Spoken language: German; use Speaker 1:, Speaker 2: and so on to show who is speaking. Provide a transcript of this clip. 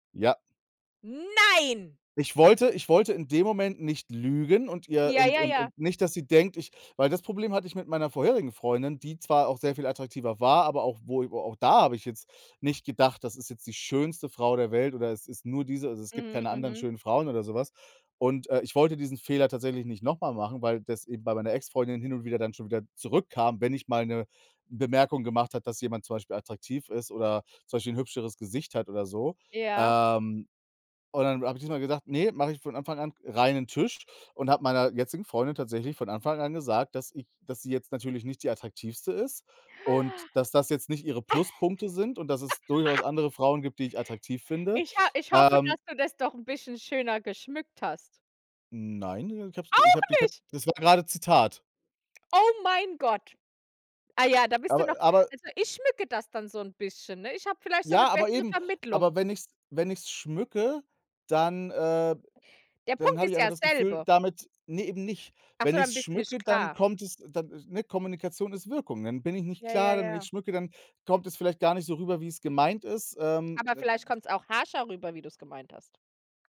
Speaker 1: Ja.
Speaker 2: Nein.
Speaker 1: Ich wollte ich wollte in dem Moment nicht lügen und ihr
Speaker 2: Ja,
Speaker 1: und
Speaker 2: ja,
Speaker 1: und
Speaker 2: ja.
Speaker 1: und nicht, dass sie denkt, ich weil das Problem hatte ich mit meiner vorherigen Freundin, die zwar auch sehr viel attraktiver war, aber auch wo i wo auch da habe ich jetzt nicht gedacht, das ist jetzt die schönste Frau der Welt oder es ist nur diese also, es gibt
Speaker 2: Mhm,
Speaker 1: keine anderen
Speaker 2: mhm.
Speaker 1: schönen Frauen oder so was. Und, äh, ich wollte diesen Fehler tatsächlich nicht noch mal machen, weil das eben bei meiner Ex-Freundin hin und wieder dann schon wieder zurückkam, wenn ich mal 'ne Bemerkung gemacht hat, dass jemand zum Beispiel attraktiv ist oder zum Beispiel 'n hübscheres Gesicht hat oder so.
Speaker 2: Ja.
Speaker 1: Ähm, und dann habe ich diesmal gesagt, ne, mache ich von Anfang an reinen Tisch und habe meiner jetzigen Freundin tatsächlich von Anfang an gesagt, dass ich dass sie jetzt natürlich nicht die attraktivste ist und dass das jetzt nicht ihre Pluspunkte sind und dass es durchaus andere Frauen gibt, die ich attraktiv finde,
Speaker 2: Ich ha ich hoffe,
Speaker 1: ähm
Speaker 2: dass du das doch bisschen 'n schöner geschmückt hast.
Speaker 1: Nein, äh, ich habe es ich
Speaker 2: Auch
Speaker 1: habe ich habe,
Speaker 2: nicht.
Speaker 1: das war grade Zitat.
Speaker 2: Oh mein Gott. Ah ja, da bist du
Speaker 1: Aber
Speaker 2: noch
Speaker 1: aber
Speaker 2: also ich schmücke das dann so 'n bisschen, ne? Ich habe vielleicht so 'ne
Speaker 1: Ja, aber
Speaker 2: bessere
Speaker 1: eben
Speaker 2: Vermittlung.
Speaker 1: aber wenn ich's wenn ich's schmücke, dann, äh
Speaker 2: Der
Speaker 1: dann
Speaker 2: Punkt
Speaker 1: habe
Speaker 2: ist
Speaker 1: ich aber
Speaker 2: der
Speaker 1: das Gefühl,
Speaker 2: selbe.
Speaker 1: damit ne, eben nicht.
Speaker 2: Ach so,
Speaker 1: Wenn
Speaker 2: dann
Speaker 1: ich's
Speaker 2: bist du
Speaker 1: schmücke,
Speaker 2: nicht
Speaker 1: dann
Speaker 2: klar.
Speaker 1: kommt es dann, ne, Kommunikation ist Wirkung. Dann bin ich nicht
Speaker 2: Ja, ja,
Speaker 1: klar. Dann wenn
Speaker 2: ja.
Speaker 1: ich's schmücke, dann kommt es vielleicht gar nicht so rüber, wie's gemeint ist, ähm,
Speaker 2: Aber vielleicht
Speaker 1: äh
Speaker 2: kommt's auch harscher rüber, wie du's gemeint hast.